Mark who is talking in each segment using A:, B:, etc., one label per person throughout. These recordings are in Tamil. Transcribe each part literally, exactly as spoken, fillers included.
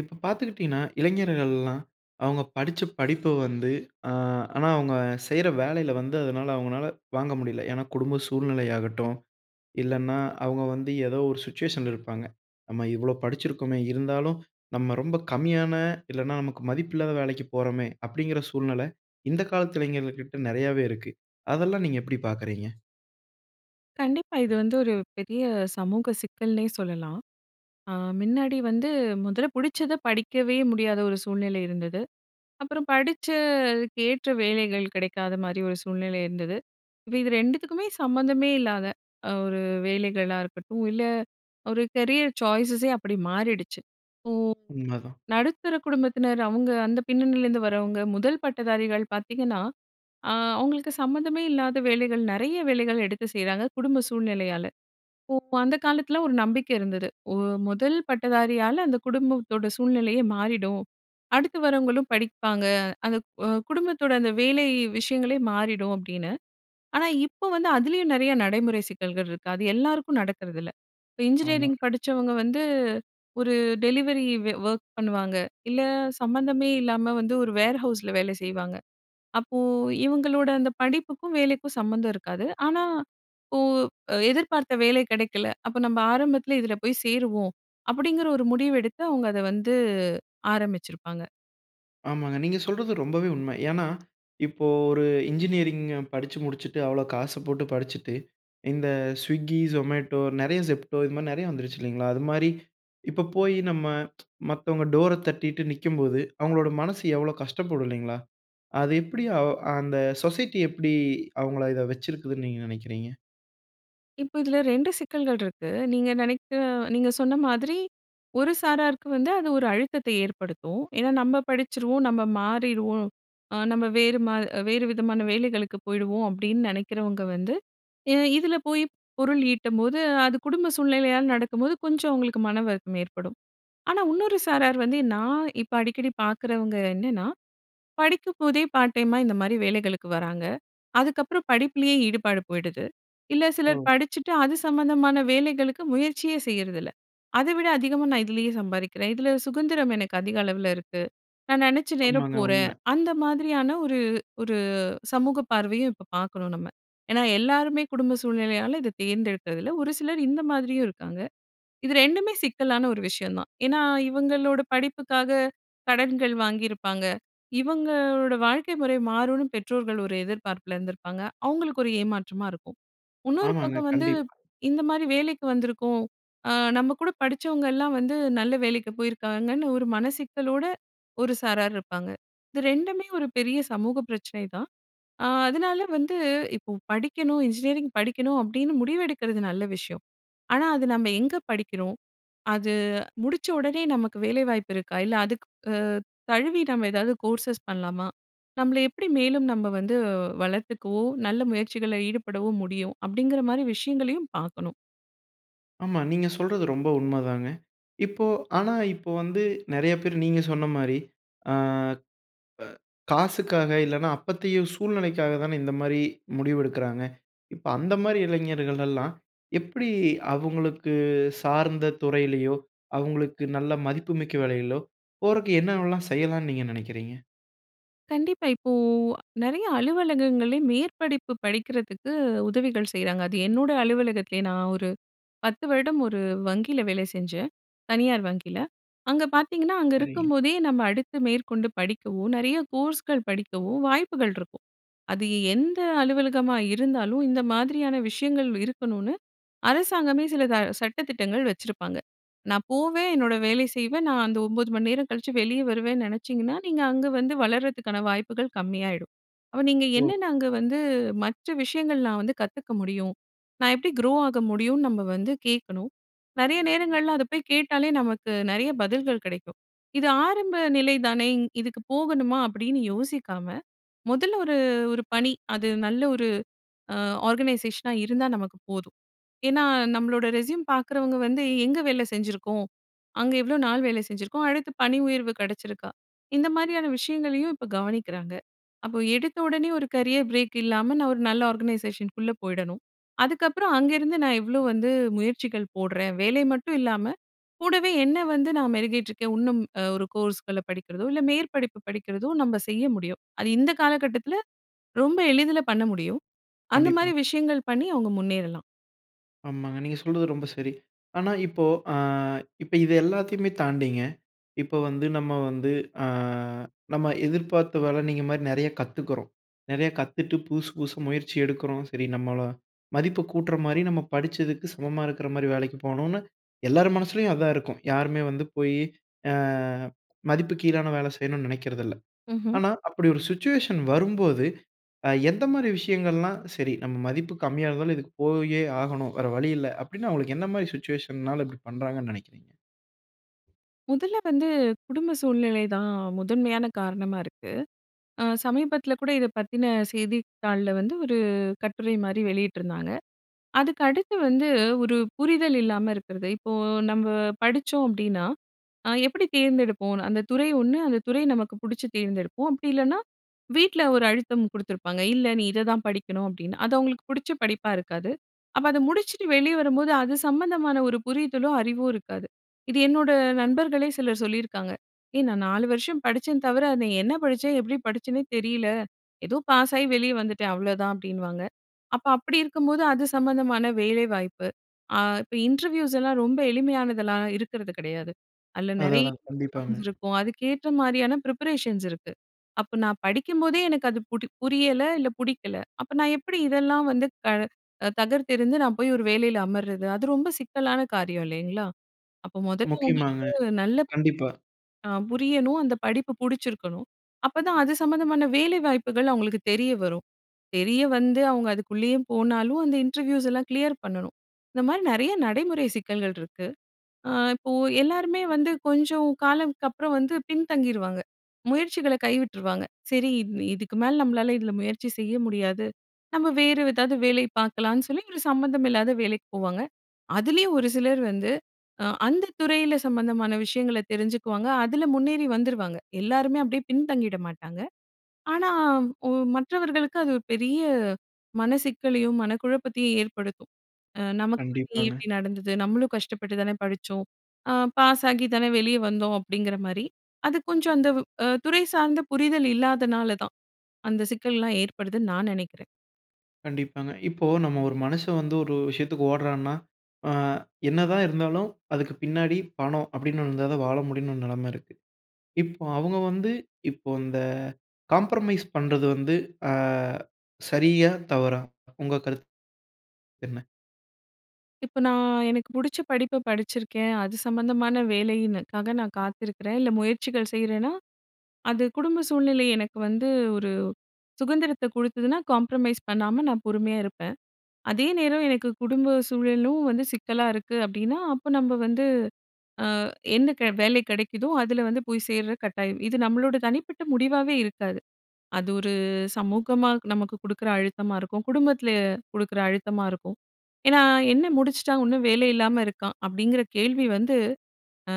A: இப்ப பார்த்துக்கிட்டீங்கன்னா, இளைஞர்கள் எல்லாம் அவுங்க படிச்ச படிப்ப வந்து அ ஆனா, அவுங்க செய்ற வேலையில வந்து அதனால அவுங்கனால வாங்க முடியல. ஏனா குடும்ப சூழ்நிலையாகடடும், இல்லன்னா அவுங்க வந்து எதோ ஒரு சுச்சுவேஷன்ல இருப்பாங்க. "நம்ம இவ்வளோ படிச்சிருக்கோமே, இருந்தாலும் நம்ம ரொம்ப கம்மியான, இல்லன்னா நமக்கு மதிப்பில்லாத வேலைக்கு போறோமே!" அப்படிங்கிற சூழ்நில இந்த காலத்து இளைஞர்களுக்கிட்ட நெறையாவே இருக்கு. அதெல்லாம் நீங்க எப்படி பார்க்குறீங்க?
B: கண்டிப்பா. இது வந்து ஒரு பெரிய சமூக சிக்கல்னே சொல்லலாம். அ மின்னாடி வந்து முதல்ல புடிச்சத படிக்கவே முடியாத ஒரு சூழ்நிலை இருந்தது. அப்பறம் படிச்சதுக்கேற்ற வேலைகள் கிடைக்காத மாரி ஒரு சூழ்நிலை இருந்தது. இப்ப இது ரெண்டுத்துக்குமே சம்மந்தமே இல்லாத ஒரு வேலைகளா இருக்கட்டும், இல்ல ஒரு கரியர் சாய்ஸஸே அப்படி மாறிடுச்சு. இப்போ,
A: உண்மதான்.
B: நடுத்தர குடும்பத்தினர் அவுங்க அந்த பின்னணியிலேருந்து வரவுங்க, முதல் பட்டதாரிகள் பார்த்தீங்கன்னா, அ அவுங்களுக்கு சம்மந்தமே இல்லாத வேலைகள் நெறைய வேலைகள் எடுத்து செய்றாங்க, குடும்ப சூழ்நிலையால. ஓ அந்த காலத்தில ஒரு நம்பிக்கை இருந்தது. "ஒரு முதல் பட்டதாரியால அந்த குடும்பத்தோட சூழ்நிலையே மாறிடும். அடுத்து வரவங்களும் படிப்பாங்க. அந்த க் அ குடும்பத்தோட அந்த வேலை விஷயங்களே மாறிடும்" அப்படின்னு. ஆனா, இப்போ வந்து அதிலேயும் நெறைய நடைமுறை சிக்கல்கள் இருக்கு. அது எல்லாருக்கும் நடக்கிறதில்ல. இப்ப
A: ஆமா.
B: இன்ஜினியரிங் படிச்சவங்க வந்து, ஒரு டெலிவரி வே ஒர்க் பண்ணுவாங்க. இல்ல சம்மந்தமே இல்லாம வந்து, ஒரு வேர் ஹவுஸ்ல வேல செய்வாங்க. அப்போ இவுங்களோட அந்த படிப்புக்கும், வேலைக்கும் சம்மந்தம் இருக்காது. ஆனா, "இப்போ எதிர்பார்த்த வேலை கிடைக்கல. அப்ப நம்ப ஆரம்பத்தில இதில போய் சேருவோம்" அப்படிங்கிற ஒரு முடிவு எடுத்து அவுங்க அத வந்து ஆரம்பிச்சிருப்பாங்க.
A: ஆமாங்க. நீங்க சொல்றது ரொம்பவே உண்மை. ஏன்னா, இப்போ ஒரு இன்ஜினியரிங் படிச்சு முடிச்சிட்டு அவ்ளோ காசு போட்டு படிச்சிட்டு, இந்த Swiggy, Zomato நெறைய Zepto. இது மாரி நெறைய வந்துருச்சு இல்லைங்களா? அதுமாரி. இப்போ போயி, நம்ம மத்தவங்க டோர தட்டிட்டு நிக்கும்போது, அவங்களோட மனசு எவ்வளோ கஷ்டப்படும் இல்லைங்களா? அது எப்படி அ அந்த சொசைட்டி எப்டி அவங்கள இத வச்சிருக்குதுன்னு நீங்க நினைக்கிறீங்க?
B: இப்போ இதில ரெண்டு சிக்கல்கள் ரிக்கு. நீங்க நினைக்கிற நீங்க சொன்ன மாதிரி ஒரு சாராருக்கு வந்து, அது ஒரு அழுத்தத்த ஏற்படுத்தும். ஏன்னா, "நம்ம படிச்சுருவோம், நம்ம மாறிருவோம் அ நம்ம வேறு மா வேறு விதமான வேலைகளுக்கு போயிடுவோம்" அப்படின்னு நினைக்கிறவங்க வந்து ஏன்னா இதில போய் பொருள் ஈட்டம்போது, அது குடும்ப சூழ்நிலையால நடக்கும்போது, கொஞ்சம் அவங்களுக்கு மனவருத்தம் ஏற்படும். ஆனா, உன்னொரு சாரார் வந்து நான் இப்ப அடிக்கடி பார்க்குறவங்க என்னன்னா, படிக்கும் போதே பார்ட் டைமா இந்த மாரி வேலைகளுக்கு வராங்க. அதுக்கப்புறம் படிப்பிலயே ஈடுபாடு போயிடுது. இல்ல சிலர்
A: ஓ!
B: படிச்சுட்டு, அது சம்மந்தமான வேலைகளுக்கு முயற்சியே செய்றதில்ல. "அத விட அதிகமா நான் இதிலயே சம்பாதிக்கிறேன். இதில சுகந்திரம் எனக்கு அதிக அளவில இருக்கு. நான் நினச்ச நேரம்
A: ஆமாங்க
B: போறேன்"
A: உண்ம.
B: அந்த மாதிரியான ஒரு ஒரு சமூக பார்வையும் இப்போ பார்க்கறோம் நம்ம. ஏன்னா, எல்லாருமே குடும்ப சூழ்நிலையால இத தேர்ந்தெடுக்கிறதில்ல. ஒரு சிலர் இந்த மாதிரியும் இருக்காங்க. இது ரெண்டுமே சிக்கலான ஒரு விஷயம் தான். ஏன்னா, இவங்களோட படிப்புக்காக கடன்கள் வாங்கியிருப்பாங்க. இவங்களோட வாழ்க்கை முறை மாறும்னு பெற்றோர்கள் ஒரு எதிர்பார்ப்பில இருந்திருப்பாங்க. அவங்களுக்கு ஒரு ஏமாற்றமா இருக்கும். இன்னொரு
A: ஆமாங்க
B: பக்கம் வந்து,
A: கண்டிப்பா.
B: இந்த மாரி வேலைக்கு வந்திருக்கோம் அ நம்ம கூட படிச்சவங்கலாம் வந்து நல்ல வேலைக்கு போயிருக்காங்கன்னு ஒரு மனசிக்கலோட ஒரு சாரார் இருப்பாங்க. இது ரெண்டுமே ஒரு பெரிய சமூக பிரச்சனை தான். அ அதனால வந்து இப்போ படிக்கணும் இன்ஜினியரிங் படிக்கணும் அப்படின்னு முடிவெடுக்கிறது நல்ல விஷயம். ஆனா, "அது நம்ம எங்க படிக்கிறோம்? அது முடிச்ச உடனே நமக்கு வேலை வாய்ப்பு இருக்கா? இல்ல அதுக்கு அ தழுவி நம்ம ஏதாவது கோர்ஸ்சஸ் பண்ணலாமா? நம்மள எப்படி மேலும் நம்ம வந்து வளர்த்துக்கவோ, நல்ல முயற்சிகள்ல ஈடுபடவோ முடியும்?" அப்படிங்கற மாரி விஷயங்களையும் பார்க்கணும்.
A: ஆமா, நீங்க சொல்றது ரொம்ப உண்மதாங்க. இப்போ ஆனா இப்போ வந்து நெறைய பேரு நீங்க சொன்ன மாரி அ காசுக்காக, இல்லைன்னா அப்பத்தைய சூழ்நிலைக்காக தான இந்த மாரி முடிவெடுக்கிறாங்க. இப்ப அந்த மாரி இளைஞர்களெல்லாம், எப்படி அவங்களுக்கு சார்ந்த துறையிலயோ, அவங்களுக்கு நல்ல மதிப்புமிக்க வேலையிலோ, போறதுக்கு என்னவெல்லாம் செய்யலான்னு நீங்க நெனைக்கிறீங்க?
B: கண்டிப்பா. இப்போ நெறைய அலுவலகங்கள்ல மேற்படிப்பு படிக்கிறதுக்கு உதவிகள் செய்றாங்க. அது என்னோட அலுவலகத்திலயே நான் ஒரு பத்து வருடம் ஒரு வங்கியில வேலை செஞ்சேன். தனியார் வங்கியில. அங்க பார்த்தீங்கன்னா, அங்க
A: சரிங்க.
B: இருக்கும்போதே நம்ம அடுத்து மேற்கொண்டு படிக்கவோ, நெறைய கோர்ஸ்கள் படிக்கவோ வாய்ப்புகள் இருக்கும். அது எந்த அலுவலகமா இருந்தாலும், இந்த மாதிரியான விஷயங்கள் இருக்கணுன்னு அரசாங்கமே சில ச சட்ட திட்டங்கள் வச்சிருப்பாங்க. நான் போவேன், என்னோட வேலை செய்வேன், நான் அந்த ஒம்பது மணி நேரம் கழிச்சு வெளிய வருவேன்னு நெனைச்சீங்கன்னா, நீங்க அங்க வந்து வளர்றதுக்கான வாய்ப்புகள் கம்மியாயிடும். அப்ப நீங்க
A: ஓ.
B: என்னென்ன அங்க வந்து, மற்ற விஷயங்கள் நான் வந்து கத்துக்க முடியும்? நான் எப்படி க்ரோ ஆக முடியும்ன்னு, நம்ம வந்து கேட்கணும். நெறைய நேரங்கள்ல அத போய் கேட்டாலே, நமக்கு நெறைய பதில்கள் கெடைக்கும். "இது ஆரம்ப நிலை தானே. இ இதுக்கு போகணுமா?" அப்படின்னு யோசிக்காம, மொதல்ல ஒரு ஒரு பணி அது நல்ல ஒரு அ ஆர்கனைசேஷனா இருந்தா நமக்கு போதும். ஏன்னா நம்மளோட ரெஸ்யூம் பார்க்குறவங்க வந்து, "எங்க வேலை செஞ்சுருக்கோம்? அங்க எவ்வளோ நாள் வேலை செஞ்சுருக்கோம்? அடுத்து பணி உயர்வு கெடைச்சிருக்கா?" இந்த மாரியான விஷயங்களையும் இப்போ கவனிக்கிறாங்க. அப்போ எடுத்த உடனே ஒரு கரியர் பிரேக் இல்லாம, நான் ஒரு நல்ல ஆர்கனைசேஷன்குள்ள போயிடணும். அதுக்கப்பறம், அங்கேருந்து நான் எவ்வளோ வந்து முயற்சிகள் போடுறேன்? வேலை மட்டும் இல்லாம கூடவே என்னை வந்து நான் மெருகேட்ருக்கேன் உன்னும் ஒரு கோர்ஸ்கள்ல படிக்கிறதோ, இல்ல மேற்படிப்பு படிக்கிறதோ நம்ப செய்ய முடியும். அது இந்த காலக்கட்டத்துல, ரொம்ப எளிதில பண்ண முடியும். அந்த
A: கண்டிப்பா.
B: மாரி விஷயங்கள் பண்ணி அவுங்க முன்னேறலாம்.
A: ஆமாங்க. நீங்க சொல்றது ரொம்ப சரி. ஆனா இப்போ அ இப்போ இது எல்லாத்தையுமே தாண்டிங்க, இப்போ வந்து நம்ம வந்து அ நம்ம எதிர்பார்த்த வேலை நீங்க மாரி நெறையா கத்துக்கிறோம். நெறையா கத்துட்டு, புதுசு புதுசு முயற்சி எடுக்கிறோம். சரி நம்மள மதிப்பு கூட்டுற மாதிரி, நம்ம படிச்சதுக்கு சமமா இருக்கற மாரி வேலைக்கு போகணும்னு, எல்லார் மனசுலயும் அதான் இருக்கும். யாருமே வந்து போய் அ மதிப்பு கீழான வேலை செய்யணும்னு நினைக்கிறதில்லை.
B: ம்ஹ்ம்.
A: ஆனா அப்படி ஒரு சிச்சுவேஷன் வரும்போது, அ எந்த மாதிரி விஷயங்கள்லாம் "சரி நம்ம மதிப்பு கம்மியா இருந்தாலும், இதுக்கு போயே ஆகணும். வேற வழியில்லை." அப்படின்னு அவங்களுக்கு எந்த மாரி சிச்சுவேஷன்னால இப்படி பண்ணுறாங்கன்னு நினைக்கிறீங்க?
B: முதல்ல வந்து, குடும்ப சூழ்நிலை தான் முதன்மையான காரணமா இருக்கு. அ சமீபத்தில கூட இதை பத்தின செய்தித் தாள்ல வந்து ஒரு கட்டுரை மாதிரி வெளியிட்டிருந்தாங்க. அதுக்கு அடுத்து வந்து, ஒரு புரிதல் இல்லாம இருக்கிறது. இப்போ நம்ம படிச்சோம் அப்படின்னா, அ எப்படி தேர்ந்தெடுப்போன்னு. அந்த துறை ஒண்ணு அந்த துறை நமக்கு பிடிச்சு தேர்ந்தெடுப்போம். அப்படி இல்லன்னா வீட்ல ஒரு அழுத்தம் குடுத்துருப்பாங்க. "இல்ல. நீ இதை தான் படிக்கணும்." அப்படின்னு. அது அவங்களுக்கு பிடிச்ச படிப்பா இருக்காது. அப்போ அத முடிச்சுட்டு வெளியே வரும்போது, அது சம்மந்தமான ஒரு புரிதலோ, அறிவோ இருக்காது. இது என்னோட நண்பர்களே சிலர் சொல்லியிருக்காங்க. "ஏய்! நான் நாலு வருஷம் படிச்சேன் தவிர, அதில என்ன படிச்சேன்? எப்படி படிச்சேனே தெரியல. ஏதோ பாஸாயி வெளிய வந்துட்டேன். அவ்ளோதான்." அப்படின்னுவாங்க. அப்போ அப்படி இருக்கும்போது, அது சம்மந்தமான வேலை வாய்ப்பு அ இப்போ இன்டர்வியூஸ் எல்லாம் ரொம்ப எளிமையானதெல்லாம் இருக்கிறது கிடையாது. அதில நெறை
A: அதான் தான், கண்டிப்பாங்க.
B: ரவுண்ட்ஸ் இருக்கும். அதுக்கேற்ற மாதிரியான ப்ரிப்பரேஷன்ஸ் இருக்கு. அப்போ நான் படிக்கும்போதே எனக்கு அது புடி புரியல, இல்ல பிடிக்கல. அப்போ நான் எப்படி இதெல்லாம் வந்து கழ தகர்த்தெறிந்து, நான் போய் ஒரு வேலையில அமரது? அது ரொம்ப சிக்கலான காரியம் இல்லைங்களா? அப்போ முதல்ல உங்களுக்கு
A: முக்கியமாங்க,
B: வந்து நல்லப்
A: கண்டிப்பா.
B: ஆ. புரியணும். அந்த படிப்பு புடிச்சிருக்கணும். அப்போ தான் அது சம்மந்தமான வேலை வாய்ப்புகள் அவங்களுக்கு தெரிய வரும். தெரிய வந்து அவங்க அதுக்குள்ளயும் போனாலும், அந்த இன்டர்வியூஸ் எல்லாம் கிளியர் பண்ணணும். இந்த மாதிரி நெறையா நடைமுறை சிக்கல்கள் இருக்கு. அ இப்போ எல்லாருமே வந்து கொஞ்சம் காலம், கப்புறம் வந்து பின்தங்கிருவாங்க. முயற்சிகள கைவிட்டுருவாங்க. சரி இவ் இதுக்கு மேல நம்மளால இதில முயற்சி செய்ய முடியாது. நம்ம வேதாவது வேலை பார்க்கலாம்ன்னு சொல்லி, ஒரு சம்மந்தம் இல்லாத வேலைக்கு போவாங்க. அதிலயும் ஒரு சிலர் வந்து, அ அந்த துறையில சம்மந்தமான விஷயங்களை தெரிஞ்சுக்குவாங்க. அதில முன்னேறி வந்துருவாங்க. எல்லாருமே அப்படியே பின்தங்கிட மாட்டாங்க! ஆனா ஓ மற்றவர்களுக்கு அது ஒரு பெரிய மனசிக்கலையும், மனக்குழப்பத்தையும் ஏற்படுத்தும். அ "நமக்கு மட்டும் ஏன்
A: கண்டிப்பாங்க.
B: இப்படி நடந்தது? நம்மளும் கஷ்டப்பட்டு தானே படிச்சோம். அ பாஸாகி தானே வெளியே வந்தோம்." அப்படிங்கிற மாதிரி. அது கொஞ்சம் அந்த வ் அ துறை சார்ந்த புரிதல் இல்லாதனால தான், அந்த சிக்கல்லாம் ஏற்படுதுன்னு நான் நினைக்கிறேன்.
A: கண்டிப்பாங்க. இப்போ நம்ம ஒரு மனுஷன் வந்து ஒரு விஷயத்துக்கு ஓடுறான்னா, அ என்னதான் இருந்தாலும் அதுக்கு பின்னாடி பணம் அப்படின்னு ஒண்ணு இருந்தா தான் வாழ முடியும்னு ஒரு நிலைமை இருக்கு. இப் அவுங்க வந்து இப்போ இந்த காம்ப்ரமைஸ் பண்றது வந்து அ சரியா? தவறா? உங்க கருத்து என்ன?
B: இப்ப நான் எனக்கு புடிச்ச படிப்பை படிச்சிருக்கேன். அது சம்மந்தமான வேலைனுக்காக நான் காத்திருக்கிறேன். இல்லை முயற்சிகள் செய்றேன்னா, அது குடும்ப சூழ்நிலை எனக்கு வந்து ஒரு சுகந்திரத்தை குடுத்ததுனா காம்ப்ரமைஸ் பண்ணாம நான் பொறுமையா இருப்பேன். அதே நேரம் எனக்கு குடும்ப சூழலும் வந்து சிக்கலா இருக்கு அப்படின்னா, அப்ப நம்ப வந்து அ என்ன க வேலை கெடைக்குதோ அதில வந்து போய் சேர்ற கட்டாயம். இது நம்பளோட தனிப்பட்ட முடிவாவே இருக்காது. அது ஒரு சமூகமா நமக்கு குடுக்குற அழுத்தமா இருக்கும். குடும்பத்தில குடுக்குற அழுத்தமா இருக்கும். ஏன்னா, "என்ன முடிச்சுட்டான், உன்னும் வேலை இல்லாம இருக்கான்?" அப்படிங்கிற கேள்வி வந்து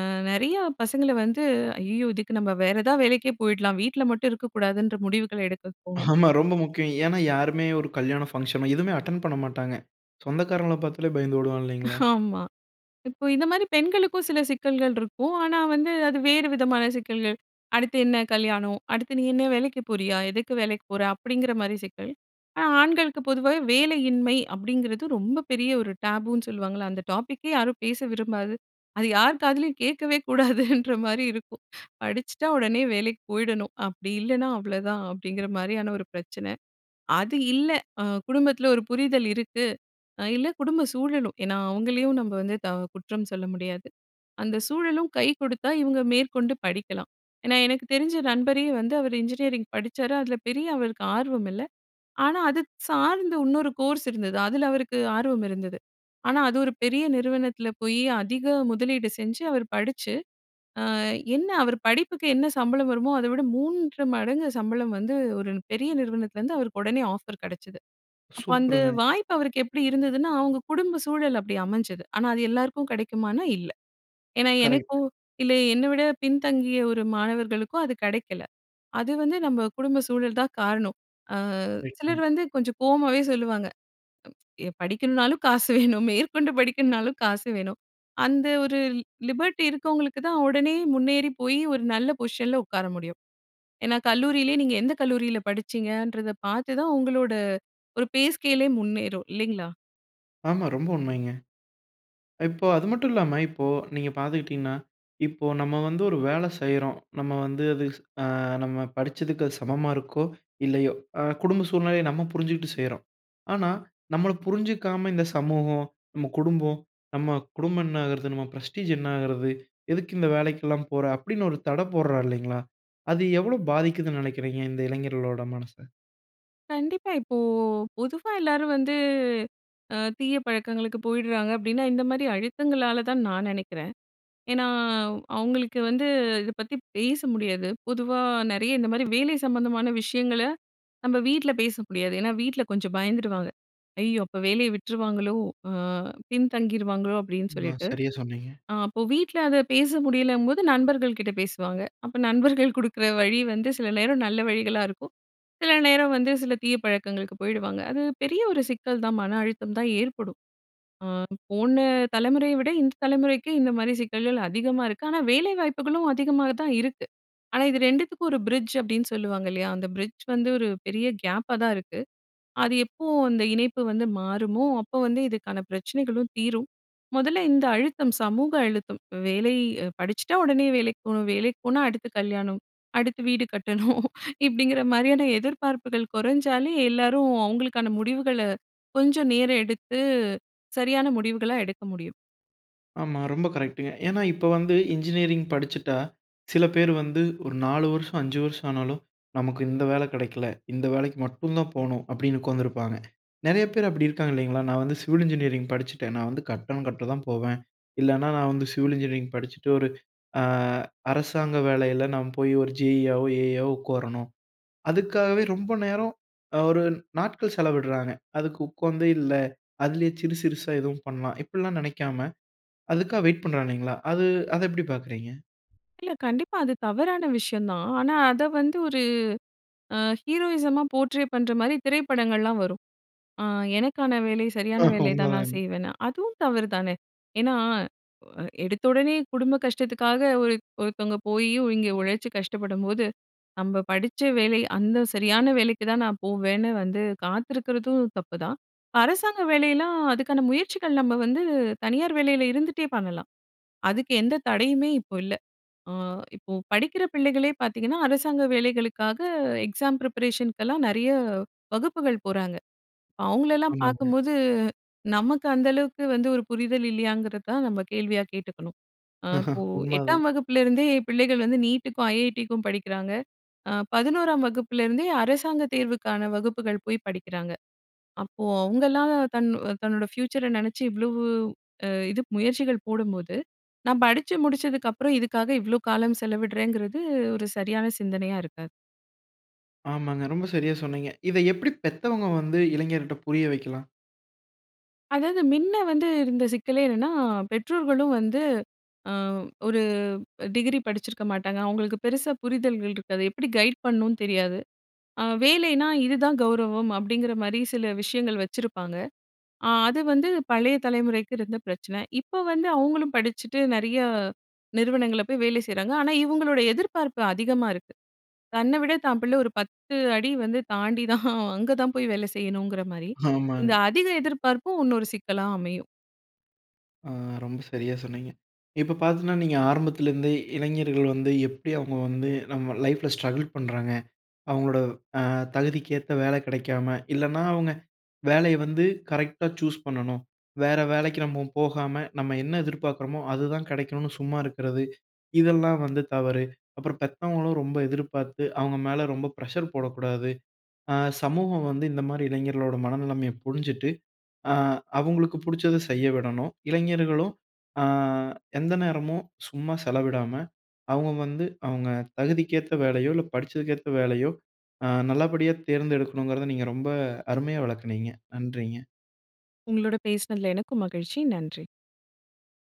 B: அ நெறைய பசங்களை வந்து, அய்யய்யோ! இதுக்கு நம்ம வேற ஏதாவது வேலைக்கே போயிடலாம். வீட்ல மட்டும் இருக்கக்கூடாதுன்ற முடிவுகளை எடுக்க தோணும்.
A: ஆமா. ரொம்ப முக்கியம். ஏன்னா, யாருமே ஒரு கல்யாண ஃபங்ஷனோ எதுவுமே அட்டென்ட் பண்ணமாட்டாங்க. சொந்தக்காரவுங்கள பார்த்தாலே பயந்து ஓடுவாங்க. இல்லைங்களா?
B: ஆமா. இப்ப இந்த மாரி பெண்களுக்கும் சில சிக்கல்கள் இருக்கும். ஆனா வந்து, அது வேறு விதமான சிக்கல்கள். "அடுத்து என்ன கல்யாணம், அடுத்து நீ என்ன வேலைக்கு போறியா? எதுக்கு வேலைக்கு போற?" அப்படிங்கிற மாரி சிக்கல். ஆனா ஆண்களுக்கு பொதுவாவே "வேலையின்மை" அப்படிங்கிறது ரொம்ப பெரிய ஒரு டேபுன்னு சொல்லுவாங்கல்ல, அந்த டாப்பிக்கே யாரும் பேச விரும்பாது, அது யார் காதிலேயும் கேட்கவே கூடாதுன்ற மாரி இருக்கும். "படிச்சுட்டா உடனே வேலைக்கு போயிடணும். அப்படி இல்லைனா அவ்வளதான்." அப்படிங்கிற மாரியான ஒரு பிரச்சனை. அது இல்லை, அ குடும்பத்தில ஒரு புரிதல் இருக்கு. அ இல்லை குடும்ப சூழலும். ஏன்னா அவங்களையும் நம்ப வந்து த குற்றம் சொல்ல முடியாது. அந்த சூழலும் கை குடுத்தா, இவங்க மேற்கொண்டு படிக்கலாம். ஏன்னா எனக்கு தெரிஞ்ச நண்பரே வந்து, அவரு இன்ஜினியரிங் படிச்சாரு. அதில பெரிய அவருக்கு ஆர்வம் இல்லை. ஆனா அது சார்ந்த உன்னொரு கோர்ஸ் இருந்தது. அதில அவருக்கு ஆர்வம் இருந்தது. ஆனா அது ஒரு பெரிய நிறுவனத்தில போய், அதிக முதலீடு செஞ்சு, அவர் படிச்சு, அ என்ன அவர் படிப்புக்கு என்ன சம்பளம் வருமோ அதை விட மூன்று மடங்கு சம்பளம் வந்து, ஒரு பெரிய நிறுவனத்திலருந்து அவருக்கு உடனே ஆஃபர் கெடைச்சுது. அப்ப அந்த
A: சூப்பர்ங்க.
B: வாய்ப்பு அவருக்கு எப்படி இருந்துதுன்னா, அவங்க குடும்ப சூழல் அப்படி அமைஞ்சது. ஆனா அது எல்லாருக்கும் கெடைக்குமான்னா, இல்லை. ஏன்னா
A: கரெக்ட்.
B: எனக்கும், இல்லை என்னை விட பின்தங்கிய ஒரு மாணவர்களுக்கும் அது கெடைக்கல. அது வந்து நம்ம குடும்ப சூழல் தான் காரணம். அ சிலர்
A: கரெக்ட்ங்க.
B: வந்து கொஞ்சம் கோவமாவே சொல்லுவாங்க. எ "படிக்கணுனாலும் காசு வேணும். மேற்கொண்டு படிக்கணுனாலும் காசு வேணும்." அந்த ஒரு லிபர்ட்டி இருக்கவங்களுக்கு தான் உடனே முன்னேறி போய், ஒரு நல்ல பொசிஷன்ல உட்கார முடியும். ஏன்னா கல்லூரியிலே, நீங்க எந்த கல்லூரியில படிச்சீங்கன்றத பார்த்துதான் உங்களோட ஒரு பேஸ்கேலே முன்னேறும், இல்லைங்களா?
A: ஆமா, ரொம்ப உண்மைங்க. இப்ப அது மட்டும் இல்லாம, இப்போ நீங்க பார்த்துக்கிட்டீங்கன்னா, இப்போ நம்ம வந்து ஒரு வேலை செய்றோம். நம்ம வந்து அது அ நம்ம படிச்சதுக்கு அது சமமா இருக்கோ? இல்லையோ? அ குடும்ப சூழ்நிலைய நம்ம புரிஞ்சுட்டு செய்றோம். ஆனா நம்மள புரிஞ்சுக்காம இந்த சமூகம், நம்ம குடும்பம், நம்ம குடும்பம் என்ன ஆகறது? நம்ம ப்ரெஸ்டீஜ் என்ன ஆகறது? எதுக்கு இந்த வேலைக்கெல்லாம் போற? அப்படின்னு ஒரு தடை போடுறா இல்லைங்களா, அது எவ்ளோ பாதிக்குதுன்னு நெனைக்கிறீங்க, இந்த இளைஞர்களோட மனச?
B: கண்டிப்பா. இப்போ பொதுவா எல்லாரும் வந்து, அ தீய பழக்கங்களுக்கு போயிடுறாங்க அப்படின்னா, இந்த மாதிரி அழுத்தங்களால தான் நான் நெனைக்கிறேன். ஏன்னா, அவங்களுக்கு வந்து இத பத்தி பேச முடியாது. பொதுவா நெறைய இந்த மாதிரி வேலை சம்மந்தமான விஷயங்கள நம்ம வீட்ல பேச முடியாது. ஏன்னா வீட்ல கொஞ்சம் பயந்துடுவாங்க! ஐயோ! அப்போ வேலைய விட்டுருவாங்களோ, அ பின்தங்கிருவாங்களோ, அப்படின்னு
A: அ
B: சொல்லிட்டு.
A: சரியா சொன்னீங்க.
B: அ அப்போ வீட்ல அத பேச முடியலம்போது நண்பர்கள்கிட்ட பேசுவாங்க. அப்ப நண்பர்கள் கொடுக்குற வழி வந்து சில நேரம் நல்ல வழிகளா இருக்கும். சில நேரம் வந்து சில தீய பழக்கங்களுக்கு போயிடுவாங்க. அது பெரிய ஒரு சிக்கல் தான். மன அழுத்தம் தான் ஏற்படும். அ போன தலைமுறைய விட இந்த தலைமுறைக்கு இந்த மாதிரி சிக்கல்கள் அதிகமா இருக்கு. ஆனா வேலை வாய்ப்புகளும் அதிகமா தான் இருக்கு. ஆனா இது ரெண்டுத்துக்கும் ஒரு பிரிட்ஜ் அப்படின்னு சொல்லுவாங்க இல்லையா. அந்த பிரிட்ஜ் வந்து ஒரு பெரிய கேப்பா தான் இருக்கு. அது எப்போ அந்த இணைப்பு வந்து மாறுமோ, அப்போ வந்து இதுக்கான பிரச்சனைகளும் தீரும். மொதல்ல இந்த அழுத்தம், சமூக அழுத்தம். வேலை படிச்சுட்டா, உடனே வேலைக்கு போணும். வேலைக்கு போனா, அடுத்து கல்யாணம். அடுத்து வீடு கட்டணும். இப்டிங்கிற மாரியான எதிர்பார்ப்புகள் குறைஞ்சாலே, எல்லாரும் அவங்களுக்கான முடிவுகள, கொஞ்சம் நேரம் எடுத்து சரியான முடிவுகளா எடுக்க முடியும்.
A: ஆமா, ரொம்ப கரெக்ட்டுங்க. ஏன்னா இப்போ வந்து இன்ஜினியரிங் படிச்சுட்டா, சில பேர் வந்து ஒரு நாலு வருஷம், அஞ்சு வருஷம் ஆனாலும் நமக்கு இந்த வேலை கிடைக்கல, இந்த வேலைக்கு மட்டும் தான் போணும் அப்படின்னு உட்காந்துருப்பாங்க. நிறைய பேர் அப்படி இருக்காங்க இல்லைங்களா? நான் வந்து சிவில் இன்ஜினியரிங் படிச்சுட்டேன். நான் வந்து கட்டடம் கட்ட தான் போவேன். இல்லனா, நான் வந்து சிவில் இன்ஜினியரிங் படிச்சுட்டு ஒரு அ அரசாங்க வேலையில நாம் போய் ஒரு ஜேஇயாகவோ, ஏஇயவோ உட்காரணும். அதுக்காகவே, ரொம்ப நேரம் ஒரு நாட்கள் செலவிடுறாங்க. அதுக்கு உட்கார்ந்தே இல்ல, அதிலயே சிறு சிறுசா எதுவும் பண்ணலாம். இப்படிலாம் நினைக்காம அதுக்காக வெயிட் பண்றாங்க இல்லைங்களா, அது அதை எப்படி பார்க்கிறீங்க?
B: இல்ல, கண்டிப்பா அது தவறான விஷயம் தான். ஆனா அதை வந்து ஒரு அ ஹீரோயிசமா போர்ட்ரே பண்ணுற மாரி திரைப்படங்கள்லாம் வரும். அ எனக்கான வேலை, சரியான
A: ஆஹ!
B: வேலை தான் நான்
A: உண்மதாங்க.
B: செய்வேன்னு. அதுவும் தவறு தானே, ஏன்னா? எடுத்தவுடனே குடும்ப கஷ்டத்துக்காக ஒரு ஒருத்தவங்க போய் இங்கே உழைச்சு கஷ்டப்படும்போது, நம்ம படிச்ச வேலை அந்த சரியான வேலைக்கு தான் நான் போவேன்னு வந்து காத்திருக்கிறதும் தப்புதான். அரசாங்க வேலையலாம் அதுக்கான முயற்சிகள், நம்ம வந்து தனியார் வேலையில இருந்துட்டே பண்ணலாம். அதுக்கு எந்த தடையுமே இப்போ இல்ல. அ இப்போ படிக்கிற பிள்ளைகளே பார்த்தீங்கன்னா, அரசாங்க வேலைகளுக்காக எக்ஸாம் ப்ரிப்பரேஷனுக்கெல்லாம் நிறைய வகுப்புகள் போறாங்க. அவங்களலாம்
A: ஆமாங்க.
B: பார்க்கும்போது, நமக்கு அந்த அளவுக்கு வந்து ஒரு புரிதல் இல்லையாங்கிறத தான் நம்ம கேள்வியா கேட்டுக்கணும். ஆ
A: ஆஹ!
B: இப்போ
A: உண்மதான்.
B: எட்டாம் வகுப்பிலேருந்தே பிள்ளைகள் வந்து நீட்டுக்கும், ஐஐடிக்கும் படிக்கிறாங்க.அ பதினோறாம் வகுப்புலேருந்தே அரசாங்கத் தேர்வுக்கான வகுப்புகள் போய் படிக்கிறாங்க. அப்போ அவங்கலாம் தன் தன்னோட ஃப்யூச்சரை நினச்சு இவ்ளோ அ இது முயற்சிகள் போடும்போது, நான் படிச்சு முடிச்சதுக்கு அப்புறம் இதுக்காக இவ்ளோ காலம் செலவிடுறேங்கிறது, ஒரு சரியான சிந்தனையா இருக்காது.
A: ஆமாங்க. ரொம்ப சரியா சொன்னீங்க. இத எப்படி பெத்தவங்க வந்து இளைஞர் கிட்ட புரிய வைக்கலாம்?
B: அதாவது, மின்ன வந்து இருந்த சிக்கலே என்னன்னா, பெற்றோர்களும் வந்து அ ஒரு டிகிரி படிச்சிருக்க மாட்டாங்க. அவங்களுக்கு பெருசா புரிதல்கள் ரிக்காது. எப்படி கைட் பண்ணும்னு தெரியாது. அ வேலைனா "இதுதான் கௌரவம்." அப்படிங்குற மாரி சில விஷயங்கள் வச்சிருப்பாங்க. அ அது வந்து பழைய தலைமுறைக்கு இருந்த பிரச்சன. இப்ப வந்து அவங்களும் படிச்சுட்டு நெறைய நிறுவனங்கள்ல போய் வேலை செய்யுறாங்க. ஆனா, இவங்களோட எதிர்பார்ப்பு அதிகமா இருக்கு. தன்னை விட தான் பிள்ளை, ஒரு பத்து அடி வந்து தாண்டி தான், அங்க தான் போய் வேலை செய்யணுங்கற மாரி, இந்த
A: ஆமாங்க.
B: அதிக எதிர்பார்ப்பும் உன்னொரு சிக்கலா அமையும்.
A: அ ரொம்ப சரியா சொன்னீங்க. இப்போ பாத்நுனா, நீங்க ஆரம்பத்திலிருந்தே இளைஞர்கள் வந்து எப்படி அவங்க வந்து நம்ப லைஃப்ல ஸ்ட்ரகிள் பண்றாங்க, அவங்களோட அ தகுதிக்கேத்த வேலை கிடைக்காம. இல்லனா அவங்க வேலைய வந்து கரெக்ட்டா சூஸ் பண்ணணும், "வேற வேலைக்கு நம்ம போகாம. நம்ப என்ன எதிர்பார்க்குறோமோ, அதுதான் கிடைக்கணும்னு சும்மா இருக்குறது." இதெல்லாம் வந்து தவறு. அப்புறம் பெத்தவங்களும் ரொம்ப எதிர்பார்த்து, அவங்க மேல ரொம்ப பிரஷர் போடக்கூடாது. அ சமூகம் வந்து இந்த மாரி இளைஞர்களோட மனநிலைமைய புரிஞ்சுட்டு, அ அவங்களுக்கு பிடிச்சத செய்ய விடணும். இளைஞர்களும் அ எந்த நேரமும் சும்மா செலவிடாம, அவங்க வந்து அவங்க தகுதிக்கு ஏத்த வேலையோ, இல்ல படிச்சதுக்கேத்த வேலையோ அ நல்லபடியா தேர்ந்தெடுக்கணுங்கறத நீங்க ரொம்ப அருமையா விளக்குனீங்க. நன்றிங்க.
B: உங்களோட பேசுனதுல எனக்கும் மகிழ்ச்சி. நன்றி.